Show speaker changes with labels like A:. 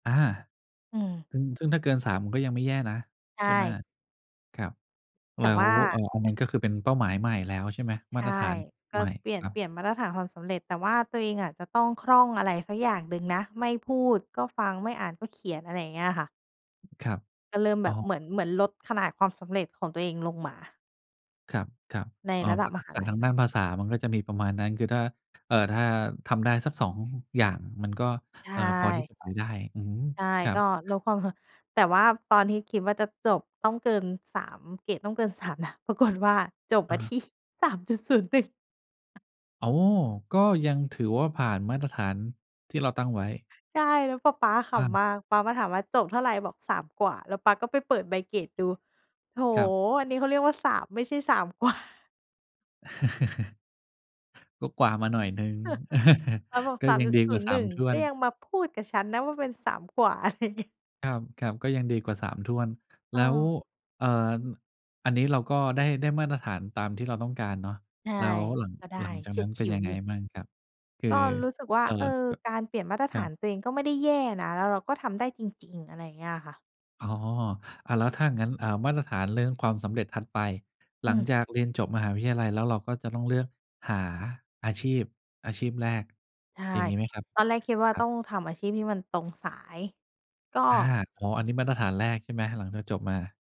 A: อา
B: อืม
A: ซึ่ง ซึ่งถ้าเกิน 3 ก็ยังไม่แย่นะ
B: ใช
A: ใช่ไหม
B: ่
A: ครับ แ
B: แต
A: ล
B: ่
A: ้
B: ว
A: ว
B: ่
A: เอ่อ
B: า
A: อันนั้น ก็คือเป็นเป้าหมายใหม่แล้ว ใช่ไหม?
B: ใ
A: ม
B: ช
A: าต
B: ่
A: รฐาน
B: ก็
A: ใหม่
B: เปลี่ย
A: ค
B: น
A: รั
B: เปล
A: บ
B: ี่ยนมาตรฐานความสำเร็จ แต่ว่าตัวเองอะจะต้องคล่องอะไรสักอย่างหนึ่งนะ ไม่พูดก็ฟัง ไม่อ่านก็เขียน อะไรอย่างเงี้ยค่ะ
A: ครับ
B: ก็เริ่มแ
A: อ
B: บ
A: ้
B: บ
A: อ
B: เหมือน เหมือนลดขนาดความสำเร็จของตัวเองลงมา
A: ครับ
B: ใน
A: ๆ อ้อ
B: ระ
A: เ
B: ด
A: พ
B: ั
A: รา
B: บ
A: ะ
B: ม
A: ทัก
B: หา
A: ษะ
B: ลั
A: ท
B: ย
A: าง
B: เน
A: ด้
B: า
A: า
B: ะ
A: นภาษามันก็จะมีประมาณนั้นคือถ้า เอ่อ ถ้าทำได้สัก 2 อย่างมันก็
B: ใช
A: เออ พอที
B: ่
A: ่จะไปได้ อือฮึ
B: ใช่
A: ครั
B: ก
A: บ
B: ็ลดความสำ แต่ว่าตอนที่คิดว่าจะจบต้องเกิน 3 เกรดต้องเกิน 3 นะ ปรากฏ ว่าจบ
A: อ
B: ม
A: ะ
B: า
A: ฮ
B: ท
A: ะ
B: ี่ 3.01
A: อ๋อ ก็ยังถือว่าผ่านมาตรฐานที่เราตั้งไว้
B: ใช่ แล้วปะป๊าข
A: อา
B: ำมาก ป๊ามาถามว่า "จบเท่าไร?" "บอก 3 กว่า" แล้วป๊าก็ไปเปิดใบเกรดดู "โอ้โ
A: ครับ
B: ฮ อันนี้เขาเรียกว่า 3 ไม่ใช่ 3 กว่า"
A: ก็กว่ามาหน่อยหนึ่ง
B: ป๊าบอก
A: ก็
B: "สาม
A: ยัง
B: จุด
A: ดี
B: ศ
A: ก
B: ู
A: ว่า
B: นย์
A: ส
B: ห
A: า
B: นึ
A: ม
B: ่ง
A: ถ้ว
B: ก็
A: น
B: ยังมาพูดกับฉันนะว่าเป็น 3 กว่า" อะไรเงี้ย
A: ครับ ๆ ก็ยังดีกว่า 3 ถ้วน แล้ว
B: เออ
A: เอ่อ อ อันนี้เราก็ได้ ได้มาตรฐานตามที่เราต้องการเนาะ
B: ใช่
A: แล้วหลัง
B: ก็ได้
A: หลังจา
B: เ
A: ก
B: ฉี
A: น
B: ย
A: ั้
B: ด
A: น
B: ฉ
A: เป็
B: ิ
A: น
B: ว
A: ยัง
B: อ
A: ไ
B: ย
A: ง
B: ู่
A: บ้างครับ? คือ
B: ก็รู้สึกว่า
A: เอ่อ
B: เออ
A: แบบ
B: การเปลี่ยนมาตร
A: ค
B: ฐ
A: รั
B: าน
A: บ
B: ตัวเองก็ไม่ได้แย่นะ แล้วเราก็ทำได้จริง ๆ อะไรอย่างเงี้ยค่ะ
A: อ๋อ อะ แล้วถ้าอย่างงั้น อ่า มาตรฐานเรื่องความสำเร็จถัดไป ห
B: อ
A: ล
B: ื
A: ัง
B: ม
A: จากเรียนจบมหาวิทยาลัยแล้ว เราก็จะต้องเลือกหาอาชีพ อาชีพแรก
B: ใช่
A: อย่างงี้ไหมครับ?
B: ตอนแรกคิดว่า
A: ครั
B: ต้
A: บ
B: องทำอาชีพที่มันตรงสาย ก็
A: อา อ๋อ อันนี้มาตรฐานแรกใช่ไหม? หลังจากจบมา